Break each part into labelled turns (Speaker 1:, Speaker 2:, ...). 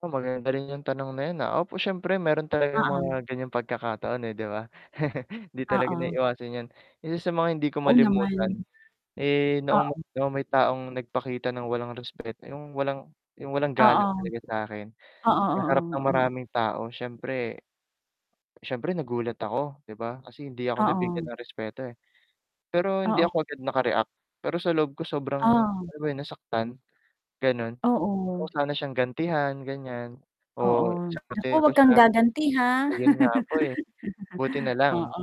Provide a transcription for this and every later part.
Speaker 1: Oo, maganda rin 'yung tanong na 'yun, ah. Opo, siyempre meron talagang
Speaker 2: Oo.
Speaker 1: mga ganiyang pagkakataon eh, 'di ba. Hindi talaga
Speaker 2: Oo.
Speaker 1: naiwasan 'yan. Isa mga hindi ko
Speaker 2: Oo, naman.
Speaker 1: malimutan, eh, noong
Speaker 2: Oo.
Speaker 1: noong may taong nagpakita ng walang respeto 'yung walang 'yung walang galang
Speaker 2: Oo.
Speaker 1: talaga sa'kin,
Speaker 2: Oo,
Speaker 1: sa harap ng
Speaker 2: oo, oo.
Speaker 1: maraming tao. Siyempre siyempre nagulat ako, 'di ba. Kasi hindi ako nabigyan
Speaker 2: Oo.
Speaker 1: ng respeto, eh. Pero hindi
Speaker 2: Oo.
Speaker 1: ako agad naka-react, pero sa loob ko sobrang,
Speaker 2: Oh.
Speaker 1: alam mo 'yun, nasaktan, ganun. Gusto ko
Speaker 2: Oo.
Speaker 1: sana siyang gantihan ganiyan
Speaker 2: Oo.
Speaker 1: o
Speaker 2: Naku
Speaker 1: sagutin ko
Speaker 2: huwag kang
Speaker 1: siya.
Speaker 2: gaganti ha.
Speaker 1: Ayun nga po, eh, buti na lang
Speaker 2: Oo,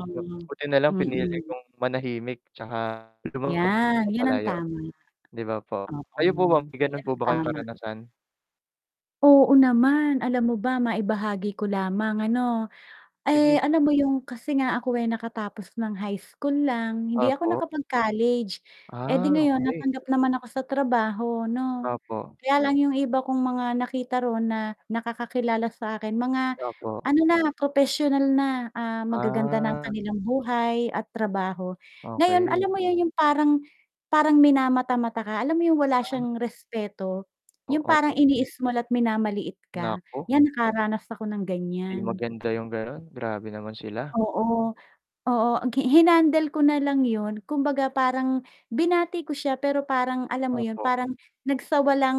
Speaker 1: buti na lang pinili
Speaker 2: mm.
Speaker 1: kong manahimik 'tsaka lumakad
Speaker 2: 'Yan, 'yan ang
Speaker 1: papalayo,
Speaker 2: tama.
Speaker 1: 'di ba po.
Speaker 2: Oo,
Speaker 1: Kayo po ba, may ganun
Speaker 2: 'yan
Speaker 1: po
Speaker 2: ang
Speaker 1: ba kayong
Speaker 2: tama.
Speaker 1: karanasan?
Speaker 2: Oo naman. Alam mo ba, maibahagi ko lamang ano,
Speaker 1: Sige.
Speaker 2: eh, alam mo 'yung kasi nga ako ay nakatapos ng high school lang, hindi ako
Speaker 1: Opo.
Speaker 2: nakapag-college, eh 'di
Speaker 1: Ah,
Speaker 2: ngayon
Speaker 1: okey.
Speaker 2: natanggap naman ako sa trabaho 'no,
Speaker 1: Opo.
Speaker 2: kaya lang 'yung iba kong mga nakita ro'n na nakakakilala sa akin, mga,
Speaker 1: Opo.
Speaker 2: ano na, propesyonal na, ah, magaganda na ang
Speaker 1: Ah.
Speaker 2: kanilang buhay at trabaho. Ngayon, alam
Speaker 1: Okey.
Speaker 2: mo 'yun, 'yung parang parang minamata-mata ka, alam mo 'yung wala
Speaker 1: Ah.
Speaker 2: siyang respeto,
Speaker 1: Oh,
Speaker 2: 'yung parang
Speaker 1: opo.
Speaker 2: ini-small at minamaliit ka.
Speaker 1: Naku.
Speaker 2: 'Yan, nakaranas ako ng
Speaker 1: 'Di
Speaker 2: ganiyan.
Speaker 1: maganda 'yung ganun, grabe naman sila.
Speaker 2: Oo, oo. Ang gi hinandle ko na lang 'yun, kumbaga parang binati ko siya pero parang alam mo 'yun,
Speaker 1: Opo.
Speaker 2: parang nagsawalang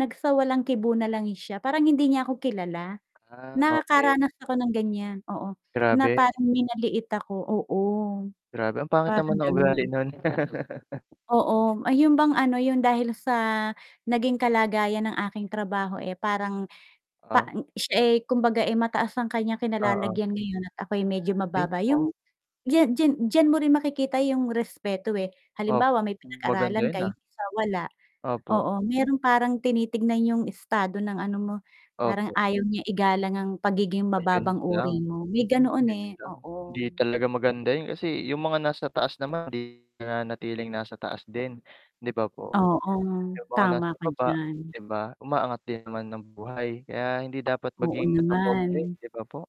Speaker 2: nagsawalang-kibo na lang siya, parang hindi niya ako kilala.
Speaker 1: Ah okey.
Speaker 2: Nakaranas ako ng ganiyan, oo, na
Speaker 1: Grabe.
Speaker 2: parang minaliit ako, oo,
Speaker 1: Grabe, ang pangit
Speaker 2: parang
Speaker 1: naman ng ugali
Speaker 2: gano'n.
Speaker 1: nun.
Speaker 2: Oo, ay 'yun bang ano, 'yun dahil sa naging kalagayan ng aking trabaho, eh, parang pa
Speaker 1: Ah.
Speaker 2: siya, eh, kumbaga, eh, mataas ang kaniyang
Speaker 1: Oo.
Speaker 2: kinalalagyan ngayon at ako'y medyo
Speaker 1: Ay,
Speaker 2: mababa 'yung
Speaker 1: oo.
Speaker 2: ya diya diyan mo rin makikita 'yung respeto, eh.
Speaker 1: Opo,
Speaker 2: Halimbawa may
Speaker 1: maganda
Speaker 2: pinag-aralan
Speaker 1: 'yun
Speaker 2: ka 'yung
Speaker 1: ah.
Speaker 2: isa wala,
Speaker 1: Opo.
Speaker 2: oo, meron parang tinitingnan 'yung estado ng ano mo, parang
Speaker 1: Opo.
Speaker 2: ayaw niya igalang ang pagiging mababang
Speaker 1: Ayun lang,
Speaker 2: uri mo, may ganoon,
Speaker 1: 'yun
Speaker 2: eh,
Speaker 1: lang. Hindi
Speaker 2: oo.
Speaker 1: talaga maganda 'yun kasi 'yung mga nasa taas naman hindi nanatiling nasa taas din, 'di ba po?
Speaker 2: Oo,
Speaker 1: 'Yung mga
Speaker 2: tama
Speaker 1: nasa
Speaker 2: ka
Speaker 1: ibaba,
Speaker 2: diyan.
Speaker 1: 'di ba, umaangat din naman ang buhay, kaya hindi dapat
Speaker 2: Oo
Speaker 1: maging matapobre,
Speaker 2: naman.
Speaker 1: 'di ba po?